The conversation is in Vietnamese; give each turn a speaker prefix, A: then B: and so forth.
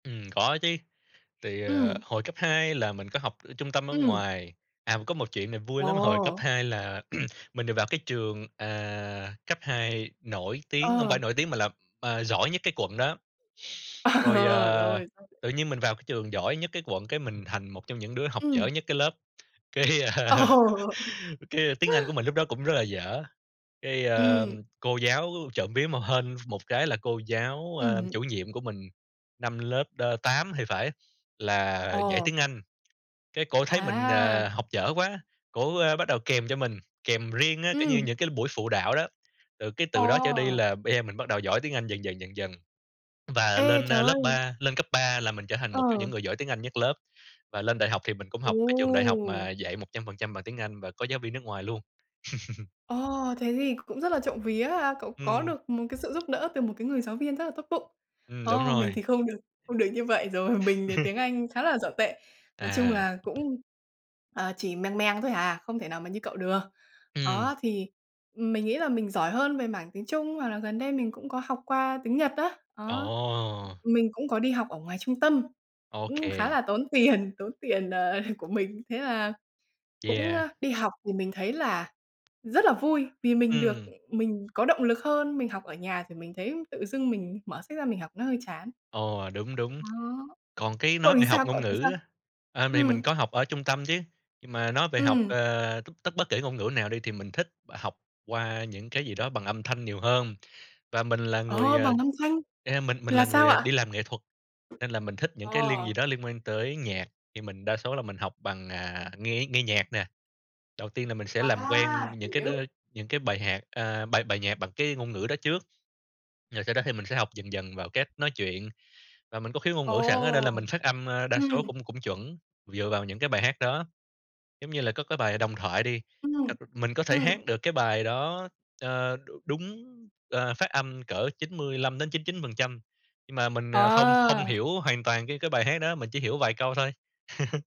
A: Ừm, có chứ. Thì, ờ,
B: Ừm.
A: hồi cấp 2 là mình có học trung tâm ở
B: Ừm.
A: ngoài. À, có một chuyện này vui lắm, hồi cấp
B: Ồ!
A: 2 là mình được vào cái trường, ờ, cấp 2 nổi tiếng không
B: Ờ.
A: phải nổi tiếng mà là, à, giỏi nhất cái quận đó. Rồi, à,
B: Rồi. [unintelligible]
A: tự nhiên mình vào cái trường giỏi nhất cái quận cái mình thành một trong những đứa học dở
B: Ừm.
A: nhất cái lớp, cái
B: Ồ!
A: cái tiếng Anh của mình lúc đó cũng rất là dở. Cái, ờ,
B: Ừm.
A: cô giáo trộm vía mà hên ph một cái là cô giáo, a,
B: Ừm.
A: chủ nhiệm của mình, năm lớp, ơ, 8 thì phải, là dạy
B: Ờ.
A: tiếng Anh. Cái cổ thấy mình,
B: À!
A: à, học dở quá, cổ, ơ, bắt đầu kèm cho mình, kèm riêng á, kiểu như,
B: Ừm.
A: những cái buổi phụ đạo đó. Rồi cái từ đó trở đi
B: Ồ!
A: là bây giờ mình bắt đầu giỏi tiếng Anh dần dần dần dần. Và
B: Ê,
A: lên, ơ,
B: trời
A: lớp
B: ơi!
A: ba lên cấp 3 là mình trở thành một trong những
B: Ừ.
A: người giỏi tiếng Anh nhất lớp, và lên đại học thì mình cũng
B: Ồ!
A: học cái trường đại học mà dạy 100% bằng tiếng Anh và có giáo viên nước ngoài luôn.
B: Ồ! Thế thì cũng rất là trộm vía ha! Cậu có
A: Ừm.
B: được một cái sự giúp đỡ từ một cái người giáo viên rất là tốt bụng.
A: Ừm, đúng
B: Ồ, mình thì
A: rồi.
B: không được không được như vậy rồi, mình thì tiếng Anh khá là dở tệ. Nói chung
A: À.
B: là cũng, ờ, chỉ mèng mèng thôi hà, không thể nào mà như cậu được.
A: Ừm.
B: Đó, thì mình nghĩ là mình giỏi hơn về mảng tiếng Trung hoặc là gần đây mình cũng có học qua tiếng Nhật á, đó.
A: Ồ!
B: Mình cũng có đi học ở ngoài trung tâm,
A: Ô
B: cũng khá
A: kê.
B: là tốn tiền, tốn tiền, ờ, của mình. Thế là cũng,
A: Yeah.
B: ơ, đi học thì mình thấy là rất là vui vì mình được
A: Ừm.
B: mình có động lực hơn, mình học ở nhà thì mình thấy tự dưng mình mở sách ra mình học nó hơi chán.
A: Ồ, đúng, đúng.
B: Đó.
A: Còn cái
B: Cậu
A: nói
B: thì
A: về học
B: sao, cậu
A: ngôn
B: thấy sao?
A: ngữ á, ờ, thì
B: Ừm.
A: mình có học ở trung tâm chứ, nhưng mà nói về học,
B: Ừm.
A: ờ, tất bất kể ngôn ngữ nào đi thì mình thích học qua những cái gì đó bằng âm thanh nhiều hơn. Và mình là người,
B: Ồ,
A: à,
B: bằng âm thanh!
A: a, mình mình
B: Là
A: là
B: sao
A: người
B: ạ?
A: đi làm nghệ thuật, nên là mình thích những cái link gì
B: À!
A: đó liên quan tới nhạc, thì mình đa số là mình học bằng, à, nghe nghe nhạc nè. Đầu tiên là mình sẽ làm
B: À!
A: quen những cái đ
B: Hiểu.
A: những cái bài hạc à, bài bài nhạc bằng cái ngôn ngữ đó trước, rồi sau đó thì mình sẽ học dần dần vào cách nói chuyện. Và mình có khiếu ngôn ngữ sẵn á nên
B: Ồ!
A: là mình phát âm, à, đa số
B: Ừm.
A: cũng cũng chuẩn dựa vào những cái bài hát đó, giống như là, có cái bài "Đồng Thoại" đi,
B: Ừm,
A: ơ, mình có thể
B: ừm.
A: hát được cái bài đó, ờ, đúng, ờ, phát âm cỡ 95-99%, nhưng mà mình, ờ, không không
B: À!
A: hiểu hoàn toàn cái cái bài hát đó, mình chỉ hiểu vài câu thôi.